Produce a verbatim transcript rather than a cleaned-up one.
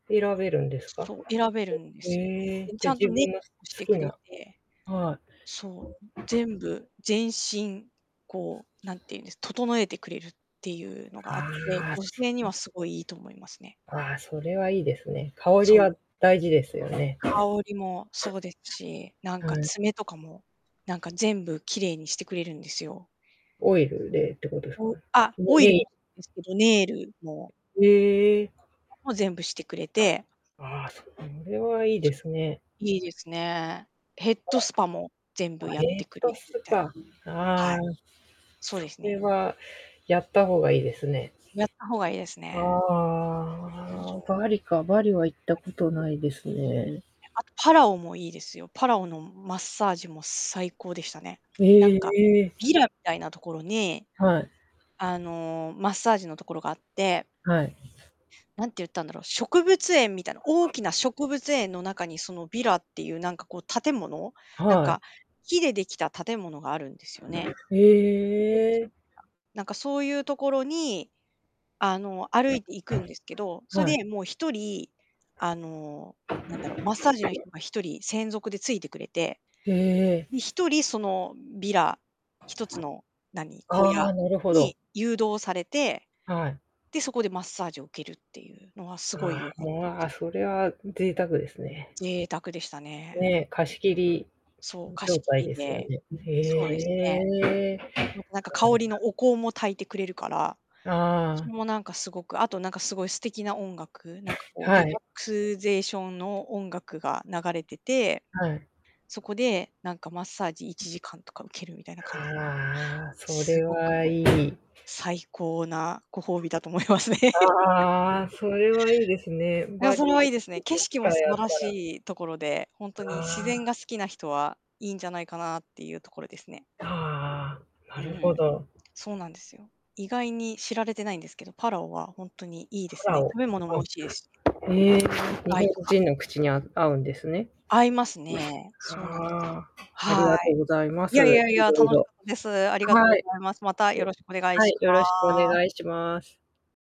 選べるんですか？そう、選べるんでへすよ。え、でちじゃゃん自と分ねのし好てきくれなて。はい。そう、全部、全身、こうなんて言うんです、整えてくれるっていうのがあって、ああ。女そ性にう。はすごいいいと思いますね。ああ、それはいいですね。香そりう。は大事ですよね。香りもそうですし、なんかはい。爪とかも、なんか全部綺麗にしてくれるんですよ。オイルでってことですか？お、あ、ネオイネルもイですけど、ネイルもへえ。も全部してくれて。ああ、それはいいですね。いいですね。ヘッドスパも全 あ、部やっヘてッくれドてスたり。パ、あはあ、い。そうそですれね。はやった方がいいですね。やった方がいいですあね。ああそあ。う。バリか、バリは行っバたことないですリ。いい。ね。え、あとパラオもいいですよ。パラオのマッサージも最高でしたね。へなんか、え。ヴィラみたいなところに、はい。あのマッサージのところがあってはい。何て言ったんだろう、植物園みたいな、大 きな植物園の中に、そのヴィラっていう何かこう建物、なんはい。か木でできた建物があるんですよね。へ えなんかそういうところに、あの、歩いて行くんですけど、そはい。れでもうひとり、あの、なんだろう、マッサージの人 がひとり専属でついてくれて。へで、え。ひとりそのヴィラ、ひとつの、何、小あ屋あ、なるほど。に誘導されて。はい。で、そこでマッサージを受けるっていうのはあすごあ、い良かったでまあ、すよ。それは贅沢ですね。贅沢でしたね。ええ、う貸ん。し切りそう、貸状し切態りですよで。ね。えそうですね。えええ。またなんか香りの お香も炊いてくれるから、あそあ。れもなんかすごく、あとなんかすごい素敵な音楽、なんかこうはリラい。ックスゼーションの音楽が流れてて。はい。そこで、なんかマッサージいちじかんとか受けるみたいな感じのああ、そすれごくはいい。最高なご褒美だと思いますね。ああ、それはいいですね、いや、バそれはリいいですね。行景く機色も素会あっ晴らたらしいところで、ほんあとに自然あ。が好きな人はいいんじゃないかなっていうところですね。ああ、なうるほん、ど。そうなんですよ。意外に知られてないんですけど、パラオはほんとにいいでパすラね。オ、食べ物も美あ、味しいですし。ええ、魚日本介とか。人の口にあ合うんですね。合いますね。そうなんです。ああ。ありはがとうい。ございまいやいす。やいいや、楽ろいしろ。かったです。ありがとうはごい。ざいます。またよ ろしくお願いはしい、よろしくおます。願いします。